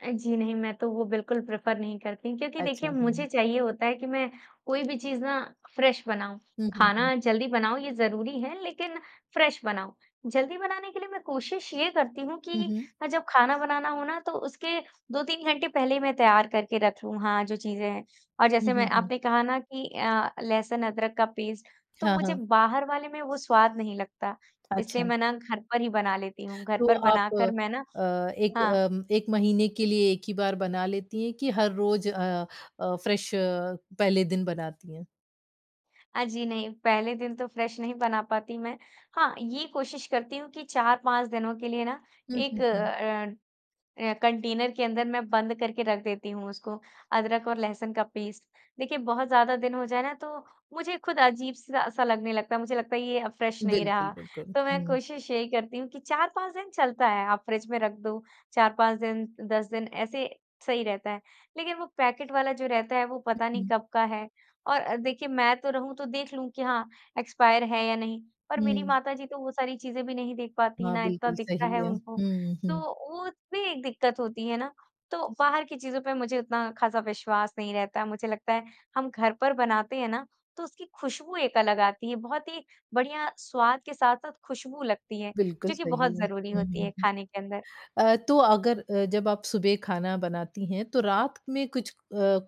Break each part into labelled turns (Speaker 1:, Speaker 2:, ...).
Speaker 1: अ, जी नहीं, मैं तो वो बिल्कुल प्रेफर नहीं करती क्योंकि
Speaker 2: अच्छा,
Speaker 1: देखिए
Speaker 2: हुँ।
Speaker 1: मुझे चाहिए होता है कि मैं कोई भी चीज ना फ्रेश बनाऊँ,
Speaker 2: हुँ, हुँ, हुँ।
Speaker 1: खाना जल्दी बनाऊँ ये ज़रूरी है लेकिन फ्रेश बनाऊँ। जल्दी बनाने के लिए मैं कोशिश ये करती हूँ
Speaker 2: हुँ,
Speaker 1: कि
Speaker 2: हुँ।
Speaker 1: अ, जब खाना बनाना हो ना तो उसके 2-3 घंटे पहले ही मैं तैयार करके रखूँ हाँ, जो चीज़ें हैं। और
Speaker 2: हुँ,
Speaker 1: जैसे मैं
Speaker 2: हुँ, हुँ।
Speaker 1: आपने कहा ना कि अ, लहसुन-अदरक का पेस्ट तो
Speaker 2: हाँ,
Speaker 1: मुझे
Speaker 2: हाँ।
Speaker 1: बाहर वाले में वो स्वाद नहीं लगता इसलिए
Speaker 2: अच्छा।
Speaker 1: मैं ना घर पर ही बना लेती हूँ। घर
Speaker 2: तो
Speaker 1: पर
Speaker 2: आप अ
Speaker 1: बनाकर मैं ना
Speaker 2: अ, एक
Speaker 1: हाँ।
Speaker 2: अ, 1 महीने के लिए एक ही बार बना लेती है कि हर रोज अ अ, फ्रेश पहले दिन बनाती हैं?
Speaker 1: अ, जी नहीं, पहले दिन तो फ्रेश नहीं बना पाती मैं। हाँ, ये कोशिश करती हूँ कि 4-5 दिनों के लिए ना
Speaker 2: हुँ, हुँ,
Speaker 1: एक
Speaker 2: हुँ।
Speaker 1: अ अ, कंटेनर के अंदर मैं बंद करके रख देती हूँ उसको अदरक और लहसुन का पेस्ट। देखिए बहुत ज़्यादा दिन हो जाए ना तो मुझे खुद अजीब-सा स लगने लगता मुझे लगता है ये अब फ्रेश नहीं रहा।
Speaker 2: बिल्कुल, बिल्कुल।
Speaker 1: तो मैं
Speaker 2: हुँ।
Speaker 1: कोशिश यही करती हूँ कि 4-5 दिन चलता है आप फ्रिज में रख दो 4-5 दिन 10 दिन ऐसे सही रहता है। लेकिन वो पैकेट वाला जो रहता है वो पता नहीं
Speaker 2: उहुँ।
Speaker 1: कब का है? और देखिए मैं तो रहूँ तो देख लूँ कि हाँ, एक्सपायर है या नहीं पर मेरी
Speaker 2: हुँ।
Speaker 1: माताजी तो वो सारी चीज़ें भी नहीं देख पाती
Speaker 2: हाँ,
Speaker 1: ना इत्ता
Speaker 2: बिल्कुल
Speaker 1: दिखता है
Speaker 2: सही है।
Speaker 1: उनको,
Speaker 2: हुँ,
Speaker 1: तो
Speaker 2: हुँ।
Speaker 1: वो भी एक दिक्कत होती है ना, तो बाहर की चीज़ों पे मुझे उतना खासा विश्वास नहीं रहता। मुझे लगता है हम घर पर बनाते हैं ना तो उसकी खुशबू एक अलग आती है बहुत ही बढ़िया स्वाद के साथ-साथ खुशबू लगती है,
Speaker 2: बिल्कुल
Speaker 1: जो कि बहुत
Speaker 2: सही है।
Speaker 1: ज़रूरी
Speaker 2: हुँ,
Speaker 1: होती
Speaker 2: हुँ,
Speaker 1: है
Speaker 2: हुँ।
Speaker 1: खाने के अंदर।
Speaker 2: अ, तो अगर अ, जब आप सुबह खाना बनाती हैं तो रात में कुछ अ,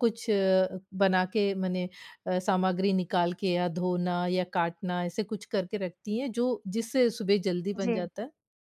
Speaker 2: कुछ अ, बना के मने अ, सामग्री निकाल के या धोना, या काटना ऐसे कुछ करके रखती हैं जो जिससे सुबह जल्दी बन
Speaker 1: जी।
Speaker 2: जाता है?